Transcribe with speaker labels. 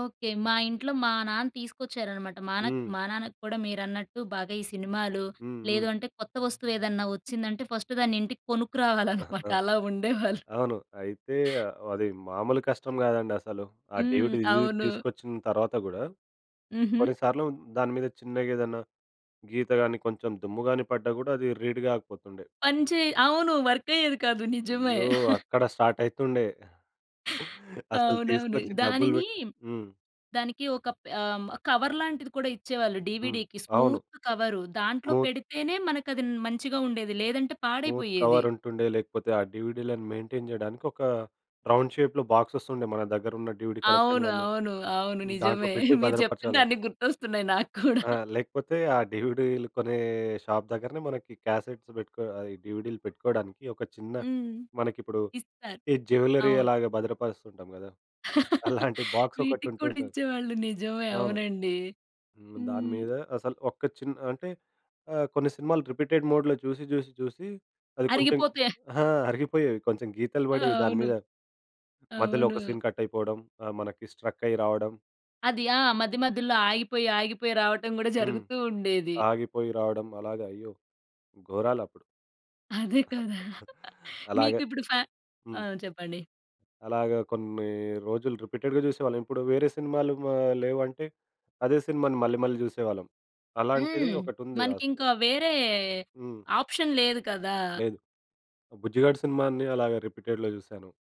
Speaker 1: Okay. మా ఇంట్లో మా నాన్న తీసుకొచ్చారన్నమాట. మా నాక్
Speaker 2: హ్మ్.
Speaker 1: మా నాన్నకి కూడా మీరన్నట్టు బాగా ఈ సినిమాలు,
Speaker 2: హ్మ్, హ్మ్.
Speaker 1: లేదు అంటే కొత్త వస్తువు ఏదైనా వచ్చిందంటే ఫస్ట్ దాన్ని ఇంటికి కొనుక్కురావాలన్నమాట.
Speaker 2: ఆహా!
Speaker 1: అలా ఉండేవాళ్ళు.
Speaker 2: అవును. అయితే అది మామూలు కష్టం గాదండి అసలు. ఆ
Speaker 1: హ్మ్.
Speaker 2: డీవీడిది
Speaker 1: అవును.
Speaker 2: తీసుకొచ్చిన తర్వాత గూడా
Speaker 1: హుహు.
Speaker 2: కొన్నిసార్లు దాని మీద చిన్నగా ఏదన్నా గీత గాని కొంచెం దుమ్ము గాని పడ్డా గూడా అది రీడ్ కాకపోతుండే.
Speaker 1: పని చే అవును. వర్కయ్యేది కాదు నిజమే.
Speaker 2: అయ్యో! అక్కడ స్టార్ట్ అయితుండే. అసలు
Speaker 1: అవునవును.
Speaker 2: తీసుకొచ్చి డబ్బులు
Speaker 1: దానిని
Speaker 2: బెట్టి హ్మ్.
Speaker 1: దానికి ఒక ప ఆహ్, కవర్ లాంటిది కూడా ఇచ్చేవాళ్ళు.
Speaker 2: హ్మ్.
Speaker 1: డీవీడీకి
Speaker 2: అవును.
Speaker 1: స్మూత్ కవరు దాంట్లో
Speaker 2: మూత్
Speaker 1: పెడితేనే మనకది న్ మంచిగా ఉండేది. లేదంటే
Speaker 2: స్మూత్
Speaker 1: పాడయిపోయేది.
Speaker 2: కవర్ ఉంటుండే. లేకపోతే ఆ డీవీడిలను మెయింటైన్ జేయడానికి ఒక రౌండ్ షేప్‌లో బాక్స్‌సెస్ ఉండె మన దగ్గర ఉన్న డీవీడీ
Speaker 1: అవును,
Speaker 2: కలెక్షన్‌లన్నీ
Speaker 1: అవును, అవును.
Speaker 2: దాంట్లో
Speaker 1: నిజమే.
Speaker 2: పెట్టి
Speaker 1: మీరు చెప్తుంటే
Speaker 2: భద్రపరచాలొ.
Speaker 1: అన్ని గుర్తొస్తున్నాయి నాకూడా.
Speaker 2: ఆ! లేకపోతే ఆ డీవీడీలు కొనే షాప్ దగ్గరనే మనకి క్యాసెట్స్ పెట్టుకో అది డీవీడీలు పెట్టుకోడానికి ఒక చిన్న
Speaker 1: హ్మ్.
Speaker 2: మనకిప్పుడు
Speaker 1: ఇస్తారు.
Speaker 2: ఈ జ్యువెల్లరీ
Speaker 1: అవును.
Speaker 2: ఎలాగా భద్రపరుస్తూ ఉంటాం గదా! అలాంటి బాక్స్ ఒకటి
Speaker 1: వీటికి కూడా
Speaker 2: ఉంటుంటుంది.
Speaker 1: ఇచ్చేవాళ్ళు నిజమే.
Speaker 2: అవును.
Speaker 1: అవునండి.
Speaker 2: హ్మ్. దాని
Speaker 1: హ్మ్.
Speaker 2: మీద అసలు ఒక్క చిన్న అంటే ఆహ్, కొన్ని సినిమాలు రిపీటెడ్ మోడ్‌లో చూసి, చూసి చూసి అది కొంచెం
Speaker 1: అరిగిపోతే
Speaker 2: ఆహ్, అరిగిపోయేవి. కొంచెం గీతలు
Speaker 1: ఆ!
Speaker 2: బడేవి దాని
Speaker 1: అవును.
Speaker 2: మీద. మధ్యలో ఒక
Speaker 1: అవును.
Speaker 2: సీన్ కట్ అయిపోవడం. ఆ! మనకి స్ట్రక్ అయ్యి రావడం.
Speaker 1: అది ఆ మధ్య మధ్యలో ఆగిపోయి, ఆగిపోయి రావటం గూడా
Speaker 2: హ్మ్.
Speaker 1: జరుగుతూ ఉండేది.
Speaker 2: ఆగిపోయి రావడం. అలాగా అయ్యో! ఘోరాలప్పుడు.
Speaker 1: అదే కదా!
Speaker 2: అలాగ.
Speaker 1: మీకిప్పుడు ఫ
Speaker 2: హ్మ్.
Speaker 1: ఆహ్, చెప్పండి.
Speaker 2: అలాగా కొన్ని రోజులు రిపీటెడ్‌గా జూసేవాళ్ళం. ఇప్పుడు వేరే సినిమాలు ఆహ్, లేవంటే అదే సినిమాని మళ్ళీ మళ్ళీ జూసేవాళ్ళం. అలాంటిది
Speaker 1: హ్మ్.
Speaker 2: ఒకటుంది. ఆ
Speaker 1: మనకి
Speaker 2: సి
Speaker 1: ఇంకా వేరే
Speaker 2: హ్మ్.
Speaker 1: ఆప్షన్ లేదు కదా!
Speaker 2: లేదు. 'బుజ్జిగాడు' సినిమాని అలాగా రిపీటెడ్‌లో జూసాను.